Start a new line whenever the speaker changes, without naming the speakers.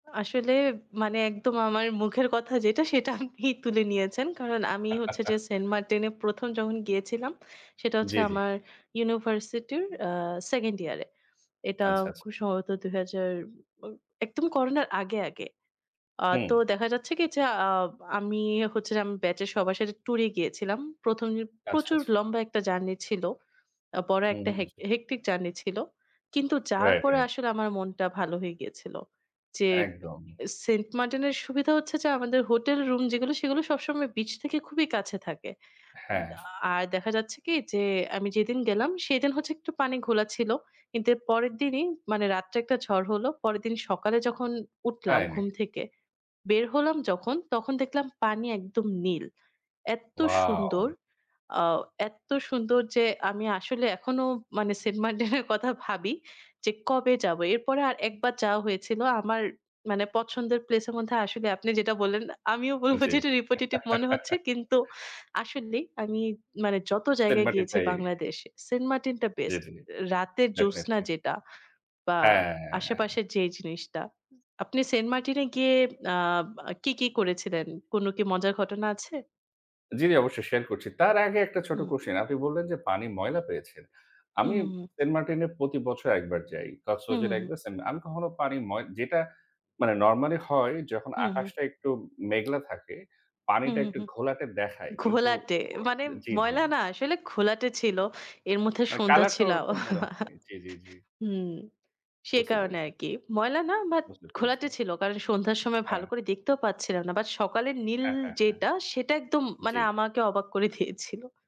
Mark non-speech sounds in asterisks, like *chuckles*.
আসলে, মানে একদম আমার মুখের কথা যেটা, সেটা আপনি তুলে নিয়েছেন। কারণ, আমি হচ্ছে যে
*chuckles*
সেন্ট মার্টিনে ১ম যখন গিয়েছিলাম, সেটা হচ্ছে
জ্বী, জ্বী।
আমার ইউনিভার্সিটির আ 2nd ইয়ার এ। এটা
আচ্ছা, আচ্ছা।
খুব সম্ভবত ২ হাজার, ও একদম করোনার আগে, আগে। আ তো
হুম।
দেখা যাচ্ছে কি? যে আ আমি হচ্ছে যে, আমি ব্যাচের সবার সাথে ট্যুরে গিয়েছিলাম। ১ম যে
আচ্ছা,
প্রচুর
আচ্ছা।
লম্বা একটা জার্নি ছিল। আ বড়
হু,
একটা হেক
হুম।
হেক্টিক জার্নি ছিল। কিন্তু যাওয়ার
রাইট,
পরে
রাইট।
আসলে আমার মনটা ভালো হয়ে গিয়েছিল। যে,
একদম।
সেন্ট মার্টিনের সুবিধা হচ্ছে যে, আমাদের হোটেল রুম যেগুলো, সেগুলো সবসময় বিচ থেকে খুবই কাছে থাকে। উ
হ্যাঁ।
আ আর দেখা যাচ্ছে কি? যে, আমি যেদিন গেলাম, সেদিন হচ্ছে একটু পানি ঘোলা ছিল। কিন্তু এর পরের দিনই, মানে রাত্রে একটা ঝড় হলো। পরের দিন সকালে যখন উঠলাম
তাই
ঘুম
নাকি?
থেকে, বের হলাম যখন, তখন দেখলাম পানি একদম নীল। এত্তো সুন্দর,
ওয়াও!
আ এত্তো সুন্দর যে, আমি আসলে এখনও মানে সেন্ট মার্টিনের কথা ভাবি যে, "কবে যাব?" এরপরে আর ১ বার যাওয়া হয়েছিল। আমার, মানে পছন্দের প্লেস এর মধ্যে আসলে আপনি যেটা বললেন, আমিও বলব,
জ্বী।
যেটা রিপিটেটিভ মনে হচ্ছে।
*chuckles*
কিন্তু আসলেই আমি, মানে যত
সেন্ট
জায়গায়
মার্টিন
গিয়েছি
টাই।
বাংলাদেশে, সেন্ট মার্টিনটা
জ্বী,
বেস্ট।
জ্বী।
রাতের জোছনা
ডেফিনিটলি।
যেটা বা
হ্যাঁ।
আশেপাশের যে জিনিসটা। আপনি সেন্ট মার্টিনে গিয়ে আ আ কি, কি, করেছিলেন? কোনো কি মজার ঘটনা আছে?
জ্বী, জ্বী। অবশ্যই, শেয়ার করছি। তার আগে একটা ছোট্ট
হুম।
কোশ্চেন। আপনি বললেন যে, পানি ময়লা পেয়েছেন।
হুম,
আমি
হুম, হুম।
সেন্ট মার্টিনে প্রতি বছর ১ বার যাই।
হুম, হুম,
কক্সবাজারে ১
হুম।
বার, সেন্ট মা আমি কখনো পানি ময় যেটা মানে নরম্যালি হয়, যখন
হুম, হুম।
আকাশটা একটু মেঘলা থাকে,
হুম,
পানিটা
হুম,
একটু
হুম।
ঘোলাটে দেখায়। কিন্তু
ঘোলাটে,
অ
মানে
জ্বী, জ্বী।
ময়লা না আসলে ঘোলাটে ছিল। এর মধ্যে
মানে,
সন্ধ্যা
কালারটা
ছিল।
ওরকম মনে হয়।
*chuckles*
জ্বী, জ্বী, জ্বী।
হুম, সে
বুঝতে
কারণে আর
পেরেছি।
কি। ময়লা না, বাট
বুঝতে পেরেছি।
ঘোলাটে ছিল। কারণ সন্ধ্যার সময় ভালো
হ্যাঁ।
করে দেখতেও পাচ্ছিলাম না। বাট সকালের নীল
হ্যাঁ, হ্যাঁ, হ্যাঁ।
যেটা, সেটা একদম মানে
জ্বী।
আমাকে অবাক করে দিয়েছিল।